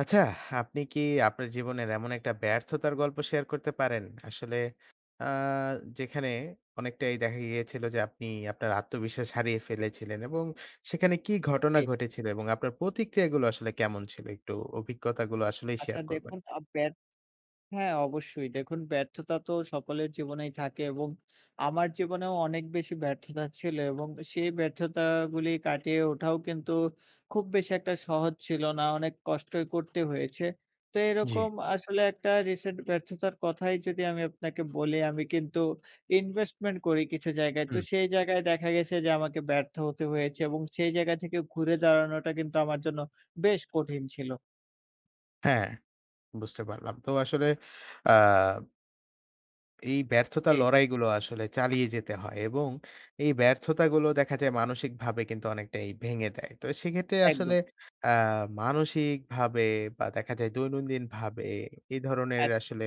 আচ্ছা, আপনি কি আপনার জীবনের এমন একটা ব্যর্থতার গল্প শেয়ার করতে পারেন? আসলে আ যেখানে অনেকটাই দেখা গিয়েছিল যে আপনি আপনার আত্মবিশ্বাস হারিয়ে ফেলেছিলেন? এবং সেখানে কী ঘটনা জি। ঘটেছিল? এবং আপনার প্রতিক্রিয়াগুলো আসলে কেমন ছিল? একটু অভিজ্ঞতাগুলো আসলেই আচ্ছা শেয়ার করবেন। দেখুন আ ব্যা হ্যাঁ অবশ্যই দেখুন ব্যর্থতা তো সকলের জীবনেই থাকে এবং আমার জীবনেও অনেক বেশি ব্যর্থতা ছিল। এবং এ সেই ব্যর্থতাগুলি কাটিয়ে ওঠাও কিন্তু খুব বেশি একটা সহজ ছিল না। অনেক কষ্টই করতে হয়েছে। তো জী। এরকম আসলে একটা রিসেন্ট ব্যর্থতার কথাই যদি আমি আপনাকে বলি, আমি কিন্তু ইনভেস্টমেন্ট করি কিছু জায়গায়। তো হুম। সেই জায়গায় দেখা গেছে যে আমাকে ব্যর্থ হতে হয়েছে এবং সেই জায়গা থেকে ঘুরে দাঁড়ানোটা কিন্তু আমার জন্য বেশ কঠিন ছিল। হ্যাঁ, বুঝতে পারলাম। তো আসলে আ এই ব্যর্থতার জি। লড়াইগুলো আসলে চালিয়ে যেতে হয় এবং এই ব্যর্থতাগুলো দেখা যায় মানসিকভাবে কিন্তু অনেকটাই ভেঙে দেয়। তো সেক্ষেত্রে আসলে একদম। আ মানসিকভাবে বা দেখা যায় দৈনন্দিন ভাবে এই ধরনের একদম। আসলে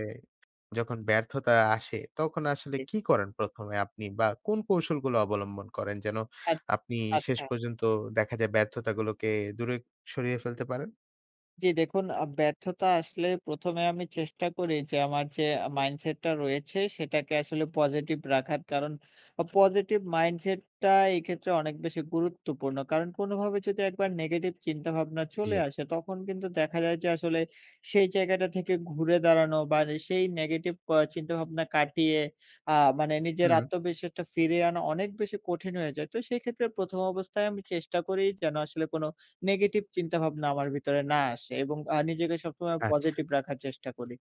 যখন ব্যর্থতা আসে, তখন আসলে [unintelligible] কি করেন ১ এ আপনি বা কোন কৌশলগুলো অবলম্বন করেন? যেন এক আপনি শেষ আচ্ছা। পর্যন্ত দেখা যায় ব্যর্থতাগুলোকে দূরে সরিয়ে ফেলতে পারেন? জী, দেখুন, আ ব্যর্থতা আসলে ১ম এ আমি চেষ্টা করি যে, আমার যে মাইন্ডসেটটা রয়েছে, সেটাকে আসলে পজিটিভ রাখার। কারণ পজিটিভ মাইন্ডসেটটা এইক্ষেত্রে অনেক বেশি গুরুত্বপূর্ণ। কারণ কোনোভাবে যদি একবার নেগেটিভ চিন্তা-ভাবনা চলে জী। আসে, তখন কিন্তু দেখা যায় যে, আসলে সেই জায়গাটা থেকে ঘুরে দাঁড়ানো বার সেই নেগেটিভ ক চিন্তা-ভাবনা কাটিয়ে আ মানে নিজের হুম। আত্মবিশ্বাসটা ফিরে আনা অনেক বেশি কঠিন হয়ে যায়। তো, সেক্ষেত্রে ১ম অবস্থায় আমি চেষ্টা করি, যেনো আসলে কোনো নেগেটিভ চিন্তাভাবনা আমার ভিতরে না আসে। এবং আ নিজেকে সবসময় আচ্ছা। পজিটিভ রাখার চেষ্টা করি।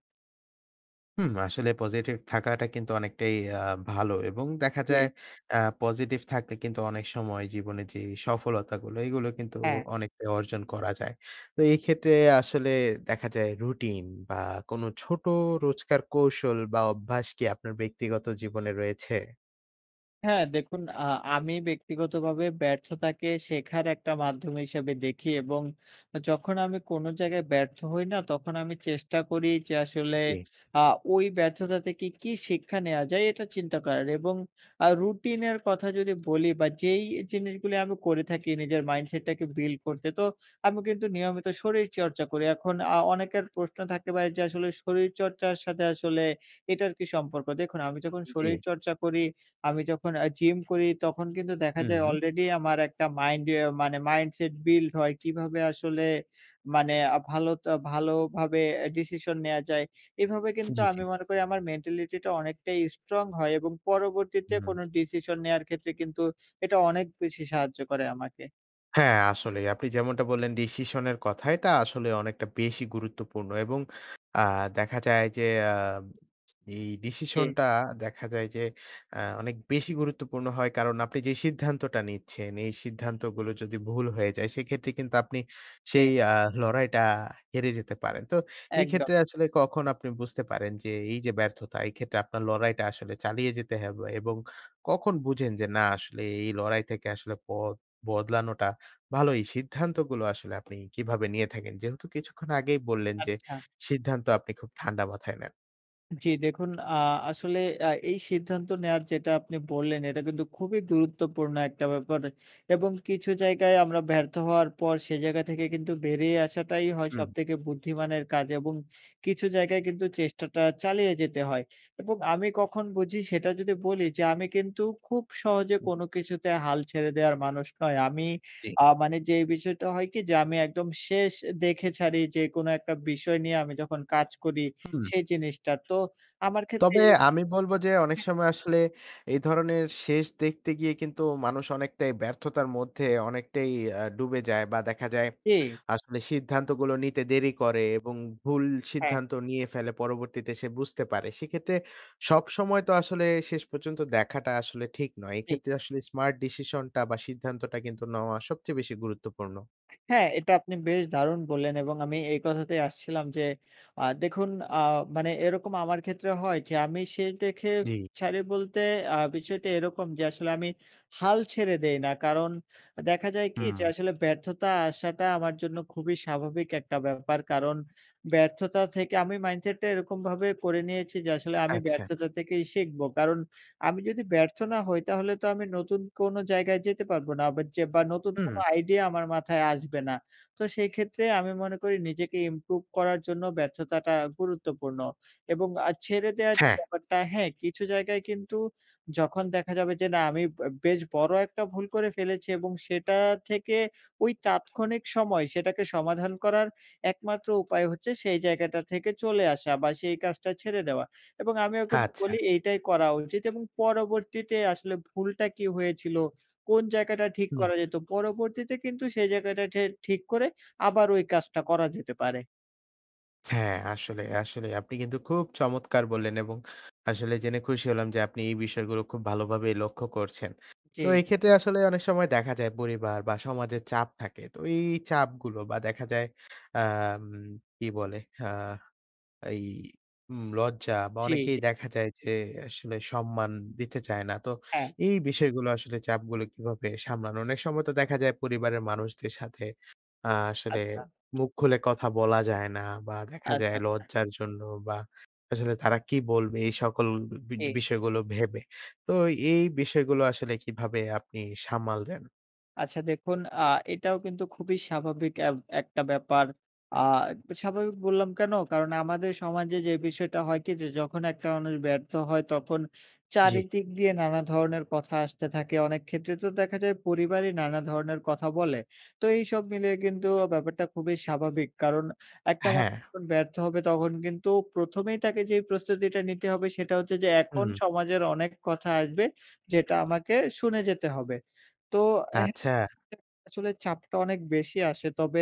হুম। আসলে পজিটিভ থাকাটা কিন্তু অনেকটাই আ ভালো। এবং দেখা যায় জী। অ্যা পজিটিভ থাকলে কিন্তু অনেক সময় জীবনের যে সফলতাগুলো, এগুলো কিন্তু হ্যাঁ। অনেকটাই অর্জন করা যায়। তো এই ক্ষেত্রে আসলে দেখা যায়, রুটিন বা কোনো ছোট রোজকার কৌশল বা অভ্যাস কি আপনার ব্যক্তিগত জীবনে রয়েছে? হ্যাঁ। দেখুন, আ আমি ব্যক্তিগতভাবে ব্যর্থতাকে শেখার একটা মাধ্যম হিসাবে দেখি। এবং যখন আমি কোনো জায়গায় ব্যর্থ হই না, তখন আমি চেষ্টা করি যে, আসলে জী। আ ওই ব্যর্থতা থেকে কি শিক্ষা নেওয়া যায়, এটা চিন্তা করার। এবং আ রুটিনের কথা যদি বলি বা যেই জিনিসগুলি আমি করে থাকি নিজের মাইন্ডসেটটাকে বিল্ড করতে, তো আমি কিন্তু নিয়মিত শরীরচর্চা করি। এখন আ অনেকের প্রশ্ন থাকতে পারে যে, আসলে শরীরচর্চার সাথে আসলে এটার কি সম্পর্ক? দেখুন, আমি যখন জী। শরীরচর্চা করি, আমি যখন অ্যা জিম করি, তখন কিন্তু দেখা যায় হুম। অলরেডি আমার একটা মাইন্ডে মানে মাইন্ডসেট বিল্ড হয়। কিভাবে আসলে মানে ভালোতা ভালোভাবে ডিসিশন নেয়া যায়। এভাবে কিন্তু জী, আমি জী। মনে করি, আমার মেন্টালিটিটা অনেকটাই স্ট্রং হয় এবং পরবর্তীতে হুম। কোনো ডিসিশন নেয়ার ক্ষেত্রে কিন্তু এটা অনেক বেশি সাহায্য করে আমাকে। হ্যাঁ আসলেই আপনি যেমনটা বললেন ডিসিশনের কথা। এটা আসলে অনেকটা বেশি গুরুত্বপূর্ণ। এবং আ দেখা যায় যে আ এই জি। ডিসিশনটা দেখা যায় যে অ্যা অনেক বেশি গুরুত্বপূর্ণ হয়। কারণ আপনি যে সিদ্ধান্তটা নিচ্ছেন, এই সিদ্ধান্তগুলো যদি ভুল হয়ে যায় সেক্ষেত্রে কিন্তু আপনি জি। সেই আ লড়াইটা হেরে যেতে পারেন। তো এই একদম। ক্ষেত্রে আসলে কখন আপনি বুঝতে পারেন যে, এইযে ব্যর্থতা এই ক্ষেত্রে আপনার লড়াইটা আসলে চালিয়ে যেতে হবে? এবং কখন বুঝেন যে না আসলে এই লড়াই থেকে আসলে পথ বদলানোটা ভালোই, সিদ্ধান্তগুলো আসলে আপনি কিভাবে নিয়ে থাকেন? যেহেতু কিছুক্ষণ আগেই বললেন যে, আচ্ছা। সিদ্ধান্ত আপনি খুব ঠান্ডা মাথায় নেন। জি দেখুন আ আসলে আ এই সিদ্ধান্ত নেওয়ার যেটা আপনি বললেন, এটা কিন্তু খুবই গুরুত্বপূর্ণ একটা ব্যাপার এবং কিছু জায়গায় আমরা ব্যর্থ হওয়ার পর সে জায়গা থেকে কিন্তু বেরিয়ে আসাটাই হয় হুম। সবথেকে বুদ্ধিমানের কাজ এবং কিছু জায়গায় কিন্তু চেষ্টাটা চালিয়ে যেতে হয় এবং আমি কখন বুঝি সেটা যদি বলি যে, "আমি কিন্তু খুব সহজে হুম। কোনো কিছুতে হাল ছেড়ে দেয়ার মানুষ নয়।" আমি জি। আ মানে যে বিষয়টা হয় কি যে আমি একদম শেষ এ দেখে ছাড়ি যে কোনো একটা বিষয় নিয়ে আমি যখন কাজ করি, হুম। সেই জিনিসটার। তো আমার ক্ষেত্রে তবে এর আমি বলব যে, "অনেক হ্যাঁ। সময় আসলে এই ধরনের শেষ দেখতে গিয়ে কিন্তু মানুষ অনেকটাই ব্যর্থতার মধ্যে অনেকটাই অ্যা ডুবে যায়" বা দেখা যায় ই আসলে সিদ্ধান্তগুলো নিতে দেরি করে এবং ভুল হ্যাঁ। সিদ্ধান্ত নিয়ে ফেলে পরবর্তীতে সে বুঝতে পারে। সেক্ষেত্রে সবসময় তো আসলে শেষ পর্যন্ত দেখাটা আসলে ঠিক নয়। জি। এক্ষেত্রে আসলে স্মার্ট ডিসিশন টা বা সিদ্ধান্তটা কিন্তু নেওয়া সবচেয়ে বেশি গুরুত্বপূর্ণ। হ্যাঁ এটা আপনি বেশ দারুণ বললেন এবং আমি এই কথাতেই আসছিলাম যে আ দেখুন আ মানে এরকম আমার ক্ষেত্রে হয় যে আমি শেষ দেখে জি। ছাড়ি বলতে আ বিষয়টা এরকম যে, আসলে আমি হাল ছেড়ে দেই না। কারণ আ দেখা যায় কি যে হুম। আসলে ব্যর্থতা আসাটা আমার জন্য খুবই স্বাভাবিক একটা ব্যাপার। কারণ ব্যর্থতা থেকে আমি মাইন্ডসেট টা এরকমভাবে করে নিয়েছি যে, আসলে আমি আচ্ছা। ব্যর্থতা থেকেই শিখব। কারণ আমি যদি ব্যর্থ না হই তাহলে তো আমি নতুন কোনো জায়গায় যেতে পারব না আবার যে বা নতুন কোনো হুম। আইডিয়া আমার মাথায় আসবে না। তো সেই ক্ষেত্রে আমি মনে করি নিজেকে ইমপ্রুভ করার জন্য ব্যর্থতাটা গুরুত্বপূর্ণ এবং আ ছেড়ে দেয়ার যে হ্যাঁ। ব্যাপারটা, হ্যাঁ কিছু জায়গায় কিন্তু যখন দেখা যাবে যে, "না আমি বা বেশ বড় একটা ভুল করে ফেলেছি এবং সেটা থেকে ঐ তাৎক্ষণিক সময় সেটাকে সমাধান করার একমাত্র উপায় হচ্ছে সেই জায়গাটা থেকে চলে আসা বা সেই কাজটা ছেড়ে দেওয়া" এবং আমিও কিন্তু আচ্ছা। বলি, "এইটাই করা উচিত" এবং পরবর্তীতে আসলে ভুলটা কী হয়েছিল? কোন জায়গাটা ঠিক হুম। করা যেত? পরবর্তীতে কিন্তু সেই জায়গাটা ঠে ঠিক করে আবার ঐ কাজটা করা যেতে পারে। হ্যাঁ। আসলে, আসলেই আপনি কিন্তু খুব চমৎকার বললেন এবং আসলে জেনে খুশি হলাম যে আপনি এই বিষয়গুলো খুব ভালোভাবেই লক্ষ্য করছেন। তো জি। এই ক্ষেত্রে আসলে অনেক সময় দেখা যায় পরিবার বা সমাজের চাপ থাকে। তো এই চাপগুলো বা দেখা যায় আ উম কি বলে হা এই ম লজ্জা বা জী। অনেকেই দেখা যায় যে আসলে সম্মান দিতে চায় না। তো হ্যাঁ। এই বিষয়গুলো আসলে চাপগুলো কিভাবে সামলান? অনেক সময় তো দেখা যায় পরিবারের মানুষদের সাথে আ আসলে আচ্ছা। মুখ খুলে কথা বলা যায় না। বা দেখা আচ্ছা, যায় আচ্ছা। লজ্জার জন্য বা আসলে তারা কী বলবে এই সকল বি এ। বিষয়গুলো ভেবে। তো এই বিষয়গুলো আসলে কীভাবে আপনি সামাল দেন? আচ্ছা। দেখুন আ এটাও কিন্তু খুবই স্বাভাবিক এব একটা ব্যাপার। আ তো স্বাভাবিক বললাম কেন? কারণ আমাদের সমাজে যে বিষয়টা হয় কি যে যখন একটা মানুষ ব্যর্থ হয়। তখন জি। চারিদিক দিয়ে নানা ধরনের কথা আসতে থাকে। অনেক ক্ষেত্রে তো দেখা যায় পরিবারই নানা ধরনের কথা বলে। তো এইসব মিলে কিন্তু ব্যাপারটা খুবই স্বাভাবিক। কারণ একটা মানুষ হ্যাঁ। যখন ব্যর্থ হবে তখন কিন্তু প্রথমেই তাকে যেই প্রস্তুতিটা নিতে হবে। সেটা হচ্ছে যে এখন হুম। সমাজের অনেক কথা আসবে যেটা আমাকে শুনে যেতে হবে। তো হ্যাঁ আচ্ছা। আসলে চাপটা অনেক বেশি আসে। তবে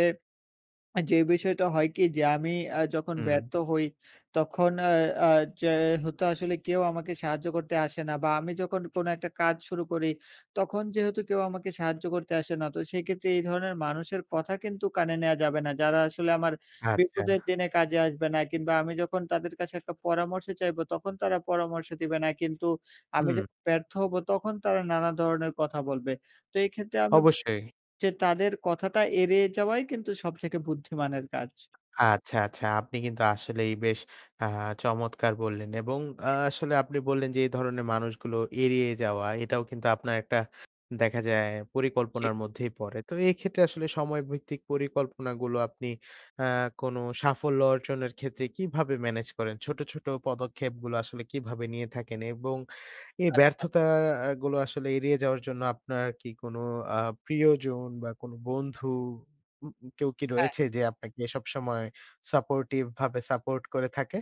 এ যে বিষয়টা হয় কি যে আমি আ যখন হুম। ব্যর্থ হই তখন আ আ যে হতো আসলে কেউ আমাকে সাহায্য করতে আসে না। বা আমি যখন কোনো একটা কাজ শুরু করি। তখন যেহেতু কেউ আমাকে সাহায্য করতে আসে না তো সেক্ষেত্রে এই ধরনের মানুষের কথা কিন্তু কানে নেওয়া যাবে না। যারা আসলে আমার আচ্ছা। বিপদের দিনে কাজে আসবে না। কিংবা আমি যখন তাদের কাছে একটা পরামর্শ চাইবো তখন তারা পরামর্শ দিবে না। কিন্তু আমি যে হু। ব্যর্থ হবো তখন তারা নানা ধরনের কথা বলবে। তো এই ক্ষেত্রে আমি অবশ্যই। যে তাদের কথাটা এড়িয়ে যাওয়াই কিন্তু সব থেকে বুদ্ধিমানের কাজ। আচ্ছা, আচ্ছা। আপনি কিন্তু আসলেই বেশ আ চমৎকার বললেন। এবং আ জি। আসলে আপনি বললেন যে এই ধরনের মানুষগুলো এড়িয়ে যাওয়া। এটাও কিন্তু আপনার একটা দেখা যায় জি। পরিকল্পনার মধ্যেই পড়ে। তো এক্ষেত্রে আসলে সময় ভিত্তিক পরিকল্পনাগুলো আপনি আ কোন সাফল্য অর্জনের ক্ষেত্রে কীভাবে ম্যানেজ করেন? ছোট, ছোট পদক্ষেপগুলো আসলে কীভাবে নিয়ে থাকেন? এবং এই আচ্ছা। ব্যর্থতাগুলো আসলে এড়িয়ে যাওয়ার জন্য আপনার কি কোন আ প্রিয়জন বা কোন বন্ধু উ কেউ কি হ্যাঁ। রয়েছে যে আপনাকে সবসময় সাপোর্টিভভাবে সাপোর্ট করে থাকে?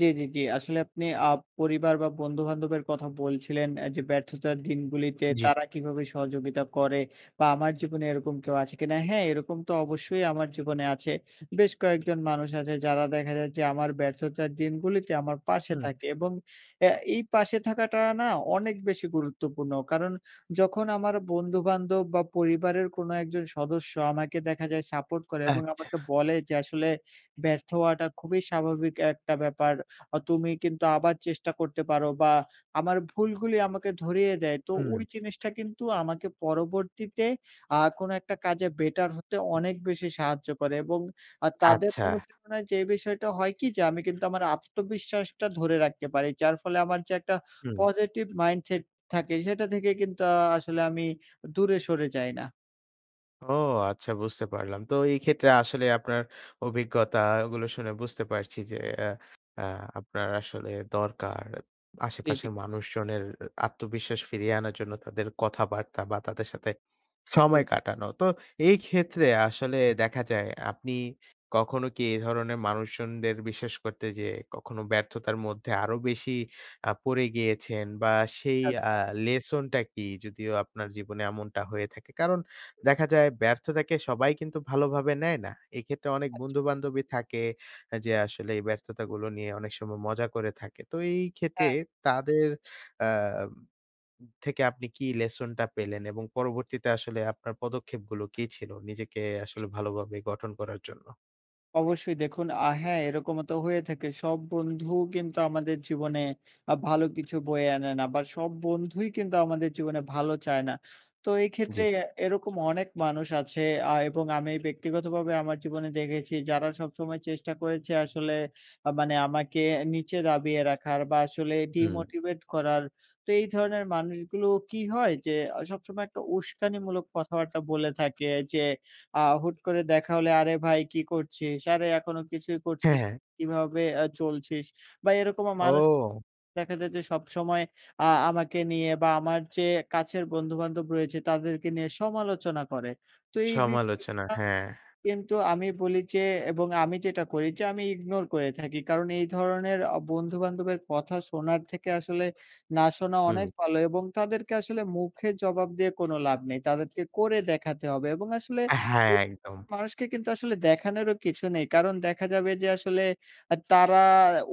জি, জি, জি আসলে আপনি আব পরিবার বা বন্ধুবান্ধবের কথা বলছিলেন এ যে, "ব্যর্থতার দিনগুলিতে জি। তারা কীভাবে সহযোগিতা করে বা আমার জীবনে এরকম কেউ আছে কিনা?" হ্যাঁ এরকম তো অবশ্যই আমার জীবনে আছে। বেশ কয়েকজন মানুষ আছে যারা দেখা যায় যে আমার ব্যর্থতার দিনগুলিতে আমার পাশে হুম। থাকে। এবং অ্যা এই পাশে থাকাটা না অনেক বেশি গুরুত্বপূর্ণ। কারণ যখন আমার বন্ধুবান্ধব বা পরিবারের কোনো একজন সদস্য আমাকে দেখা যায় সাপোর্ট করে এবং আচ্ছা। আমাকে বলে যে, "আসলে ব্যর্থ হওয়াটা খুবই স্বাভাবিক একটা ব্যাপার অ তুমি কিন্তু আবার চেষ্টা করতে পারো।" বা আমার ভুলগুলি আমাকে ধরিয়ে দেয়। তো ঐ হুম। জিনিসটা কিন্তু আমাকে পরবর্তীতে আ কোনো একটা কাজে বেটার হতে হুম। অনেক বেশি সাহায্য করে। এবং আ তাদের আচ্ছা। অনুপ্রেরণায় যে বিষয়টা হয় কি? যে আমি কিন্তু আমার আত্মবিশ্বাসটা ধরে রাখতে পারি। যার ফলে আমার যে একটা হুম। positive mindset থাকে সেটা থেকে কিন্তু আ আসলে আমি দূরে সরে যাই না। ও আচ্ছা, বুঝতে পারলাম। তো এই জি। ক্ষেত্রে আসলে আপনার অভিজ্ঞতাগুলো শুনে বুঝতে পারছি যে এ আ আপনার আসলে দরকার জি, জি। আশেপাশের মানুষজনের আত্মবিশ্বাস ফিরিয়ে আনার জন্য তাদের কথাবার্তা বা তাদের সাথে সময় জি। কাটানো। তো এই ক্ষেত্রে আসলে দেখা যায় আপনি কখনো কি এধরনের মানুষজনদের বিশ্বাস করতে যেয়ে কখনো ব্যর্থতার মধ্যে আরো বেশি আ পড়ে গিয়েছেন? বা সেই আ আচ্ছা। লেসনটা কী? যদিও আপনার জীবনে এমনটা হয়ে থাকে। কারণ দেখা যায় ব্যর্থতাকে সবাই কিন্তু ভালোভাবে নেয় না। এক্ষেত্রে অনেক আচ্ছা। বন্ধুবান্ধবই থাকে এ যে আসলে এই ব্যর্থতাগুলো নিয়ে অনেক সময় মজা করে থাকে। তো এই ক্ষেত্রে হ্যাঁ। তাদের আ থেকে আপনি কি লেসনটা পেলেন? এবং পরবর্তীতে আসলে আপনার পদক্ষেপগুলো কী ছিল নিজেকে জি। আসলে ভালোভাবে গঠন করার জন্য? অবশ্যই। দেখুন আ হ্যাঁ, এরকমও তো হয়ে থাকে সব বন্ধুও কিন্তু আমাদের জীবনে আ ভালো কিছু বয়ে আনে না। আবার সব বন্ধুই কিন্তু আমাদের জীবনে ভালো চায় না। তো এই ক্ষেত্রে জ্বি। অ্যা এরকম অনেক মানুষ আছে আ এবং আমি ব্যক্তিগতভাবে আমার জীবনে দেখেছি, যারা সবসময় চেষ্টা করেছে আসলে আ মানে আমাকে এ নীচে দাবিয়ে রাখার বা আসলে হুম। ডিমোটিভেট করার। তো এই ধরনের মানুষগুলো কী হয় যে, আ সবসময় একটা উস্কানিমূলক কথাবার্তা বলে থাকে যে, আ হুট করে দেখা হলে, "আরে, ভাই কী করছিস? আরে এখনো কিছুই হ্যাঁ, করছিস হ্যাঁ। কীভাবে আ চলছিস?" বা এরকমও মানুষ ও! দেখা যায় যে, সবসময় আ আমাকে নিয়ে বা আমার যে কাছের বন্ধু-বান্ধব রয়েছে তাদেরকে নিয়ে সমালোচনা করে। তো এই সমালোচনা, বিষয়গুলা হ্যাঁ। কিন্তু আমি বলি যে এবং আমি যেটা করি যে আমি ইগনোর করে থাকি। কারণ এই ধরনের অ বন্ধু-বান্ধবের কথা শোনার থেকে আসলে না শোনা হুম। অনেক ভালো। এবং তাদেরকে আসলে মুখে জবাব দিয়ে কোনো লাভ নেই। তাদেরকে করে দেখাতে হবে এবং আসলে হ্যাঁ, [unintelligible] একদম। মানুষকে কিন্তু আসলে দেখানোরও কিছু নেই। কারণ দেখা যাবে যে, আসলে অ্যা তারা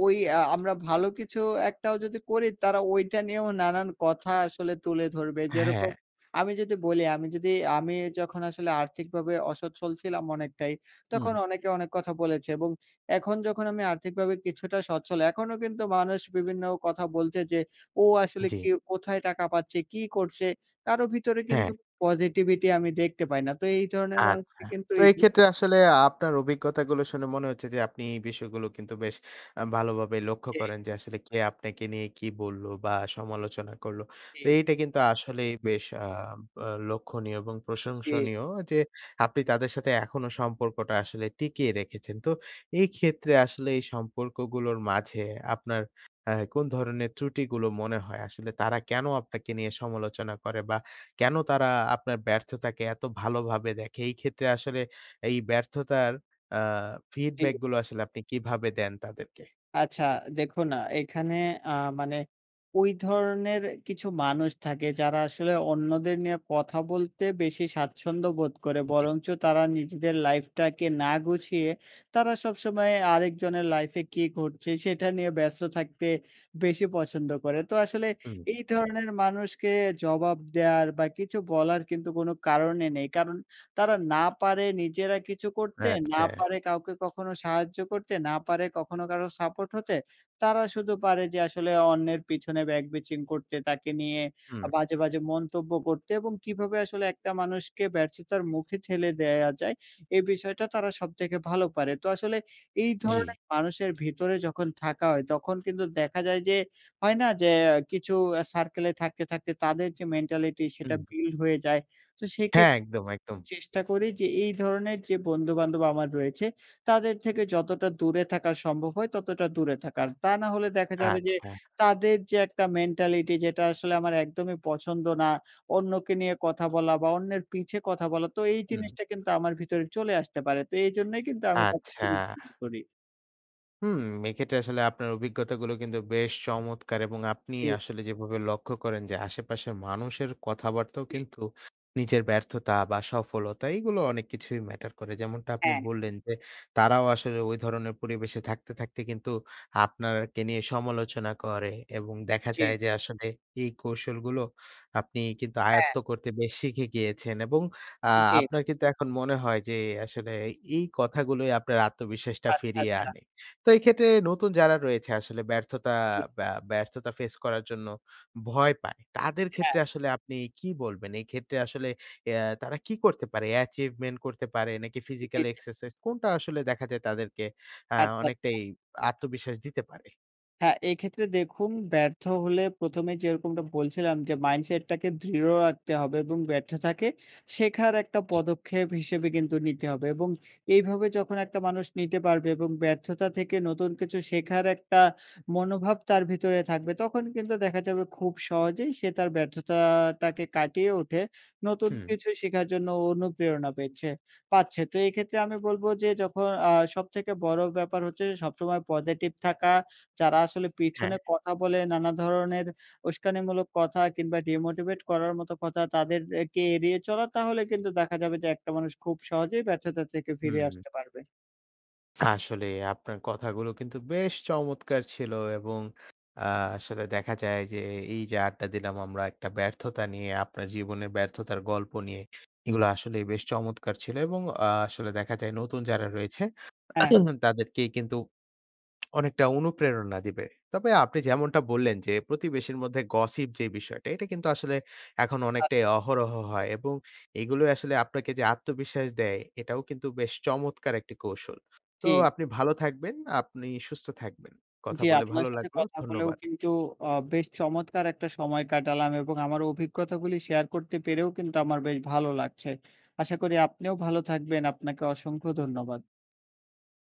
ওই আ আমরা ভালো কিছু একটাও যদি করি, তারা ঐটা নিয়েও নানান কথা আসলে তুলে ধরবে। যেরকম, হ্যাঁ। আমি যদি বলি, আমি যদি আমি যখন আসলে আর্থিকভাবে অসচ্ছল ছিলাম অনেকটাই, হুম। তখন অনেকে অনেক কথা বলেছে এবং এখন যখন আমি আর্থিকভাবে কিছুটা স্বচ্ছল, এখনও কিন্তু মানুষ বিভিন্ন কথা বলছে যে, "ও আসলে কি, জি। কোথায় টাকা পাচ্ছে? কী করছে?" কারও ভিতরে কিন্তু হ্যাঁ। পজিটিভিটি আমি দেখতে পাই না। তো, এই ধরনের আচ্ছা। মানুষকে কিন্তু তো এড়ি এইক্ষেত্রে আসলে আপনার অভিজ্ঞতাগুলো শুনে মনে হচ্ছে যে, আপনি এই বিষয়গুলো কিন্তু বেশ আ ভালোভাবেই লক্ষ্য জি। করেন যে, আসলে কে আপনাকে নিয়ে কি বলল বা সমালোচনা করল। তো জি। এইটা কিন্তু আসলেই বেশ আ ব্য লক্ষনীয় এবং জি। প্রশংসনীয় যে, আপনি তাদের সাথে এখনো সম্পর্কটা আসলে টিকিয়ে রেখেছেন। তো, এই ক্ষেত্রে আসলে এই সম্পর্কগুলোর মাঝে আপনার অ্যা কোন ধরনের ত্রুটিগুলো মনে হয়? আসলে তারা কেনো আপনাকে নিয়ে সমালোচনা করে? বা কেনো তারা আপনার ব্যর্থতাকে এত ভালোভাবে দেখে? এই ক্ষেত্রে আসলে এই ব্যর্থতার আ জি। ফিডব্যাকগুলো আসলে আপনি কীভাবে দেন তাদেরকে? আচ্ছা। দেখুন আ এইখানে আ মানে ওই ধরনের কিছু মানুষ থাকে, যারা আসলে অন্যদের নিয়ে কথা বলতে বেশি স্বাচ্ছন্দ্যবোধ করে। জি। বরঞ্চ তারা নিজেদের লাইফটাকে না গুছিয়ে, তারা সবসময় আরেকজনের লাইফে কী ঘটছে, সেটা নিয়ে ব্যস্ত থাকতে বেশি পছন্দ করে। তো আসলে হুম। এই ধরনের মানুষকে জবাব দেওয়ার বা কিছু বলার কিন্তু কোনো কারণই নেই। কারণ, তারা না পারে নিজেরা কিছু করতে, না আচ্ছা। পারে কাউকে কখনো সাহায্য করতে, না পারে কখনো কারোর সাপোর্ট হতে। তারা শুধু পারে যে আসলে অন্যের পিছনে back bitching করতে। তাকে নিয়ে হুম। আ বাজে, বাজে মন্তব্য করতে এবং কীভাবে আসলে একটা মানুষকে ব্যর্থতার মুখে ঠেলে দেয়া যায়, এ বিষয়টা তারা সবথেকে ভালো পারে। তো আসলে এই জি। ধরনের মানুষের ভিতরে যখন থাকা হয়, তখন কিন্তু দেখা যায় যে, হয় না? যে অ্যা কিছু আ সার্কেলে থাকতে, থাকতে তাদের যে মেন্টালিটি সেটা হুম। বিল্ড হয়ে যায়। তো সেক্ষে হ্যাঁ, একদম, একদম! চেষ্টা করি যে, এই ধরনের যে বন্ধু-বান্ধব আমার রয়েছে, তাদের থেকে যতটা দূরে থাকা সম্ভব হয়, ততটা দূরে থাকার। তা না হলে দেখা যাবে যে, আচ্ছা। তাদের যে একটা মেন্টালিটি যেটা আসলে আমার একদমই পছন্দ না, অন্যকে নিয়ে কথা বলা বা অন্যের পিছে কথা বলা। তো এই হুম। জিনিসটা কিন্তু আমার ভিতরে চলে আসতে পারে। তো এজন্যই কিন্তু আমি আচ্ছা। তাদেরকে ইগনোর করি। হুম। এক্ষেত্রে আসলে আপনার অভিজ্ঞতাগুলো কিন্তু বেশ চমৎকার! এবং আপনি জি। আসলে যেভাবে লক্ষ্য করেন যে আশেপাশের মানুষের কথাবার্তাও জি। কিন্তু নিজের ব্যর্থতা বা সফলতা এগুলো অনেক কিছুই ম্যাটার করে। যেমনটা আপনি হ্যাঁ। বললেন যে তারাও আসলে ঐ ধরনের পরিবেশে থাকতে, থাকতে কিন্তু আপনারকে নিয়ে সমালোচনা করে। এবং দেখা জি। যায় যে আসলে এই কৌশলগুলো আপনি কিন্তু হ্যাঁ। আয়ত্ত করতে বেশ শিখে গিয়েছেন এবং আ জি। আপনার কিন্তু এখন মনে হয় যে আসলে এই কথাগুলোই আপনার আত্মবিশ্বাসটা আচ্ছা, ফিরিয়ে আচ্ছা। আনে। তো এই ক্ষেত্রে নতুন যারা রয়েছে আসলে ব্যর্থতা জি। বা ব্যর্থতা ফেস করার জন্য ভয় পায়। তাদের হ্যাঁ। ক্ষেত্রে আসলে আপনি কি বলবেন? এই ক্ষেত্রে আসলে এ তারা কি করতে পারে? Achievement করতে পারে নাকি জি, ফিজিক্যাল জি। এক্সারসাইজ কোনটা আসলে দেখা যায় তাদেরকে আ আচ্ছা, আচ্ছা। অনেকটাই আত্মবিশ্বাস দিতে পারে? হ্যাঁ। এক্ষেত্রে দেখুন ব্যর্থ হলে ১ম এ যেরকমটা বলছিলাম যে মাইন্ডসেট টাকে দৃঢ় রাখতে হবে এবং ব্যর্থতাকে শেখার একটা জি। পদক্ষেপ হিসেবে কিন্তু নিতে হবে এবং এইভাবে যখন একটা মানুষ নিতে পারবে এবং ব্যর্থতা থেকে নতুন কিছু শেখার একটা মনোভাব তার ভিতরে থাকবে তখন কিন্তু দেখা যাবে খুব সহজেই সে তার ব্যর্থতাটাকে কাটিয়ে উঠে নতুন হুম। কিছু শেখার জন্য অনুপ্রেরণা পেচ্ছে পাচ্ছে। তো এক্ষেত্রে আমি বলব যে যখন আ সবথেকে বড়ো ব্যাপার হচ্ছে সবসময় পজিটিভ থাকা। যারা আসলে পিছনে হ্যাঁ। কথা বলে নানা ধরনের উস্কানিমূলক কথা কিংবা ডিমোটিভেট করার মতো কথা তাদের এ কে এড়িয়ে চলা তাহলে কিন্তু দেখা যাবে যে একটা মানুষ খুব সহজেই ব্যর্থতা থেকে ফিরে হুম। আসতে পারবে। আসলেই আপনার কথাগুলো কিন্তু বেশ জি। চমৎকার ছিল এবং আ আসলে দেখা যায় যে এই যে আড্ডা দিলাম আমরা একটা ব্যর্থতা নিয়ে আপনার জীবনের ব্যর্থতার গল্প নিয়ে এগুলো আসলেই বেশ চমৎকার ছিল এবং আ আসলে দেখা যায় নতুন যারা রয়েছে হ্যাঁ। তাদেরকেই কিন্তু অনেকটা অনুপ্রেরণা দিবে। তবে আপনি যেমনটা বললেন যে প্রতিবেশীর মধ্যে গসিপ যে বিষয়টা এটা কিন্তু আসলে এখন অনেকটাই আচ্ছা। অহরহ হয় এবং এগুলোই আসলে আপনাকে যে আত্মবিশ্বাস দেয় এটাও কিন্তু বেশ চমৎকার একটি কৌশল। তো জি। আপনি ভালো থাকবেন, আপনি সুস্থ থাকবেন। কথা জি। বলে আপনার ভালো সাথে লাগলো। কথা বলেও ধন্যবাদ। কিন্তু অ বেশ চমৎকার একটা সময় কাটালাম এবং আমার অভিজ্ঞতাগুলি শেয়ার করতে পেরেও কিন্তু আমার বেশ ভালো লাগছে। আশা করি আপনিও ভালো থাকবেন আপনাকে অসংখ্য ধন্যবাদ।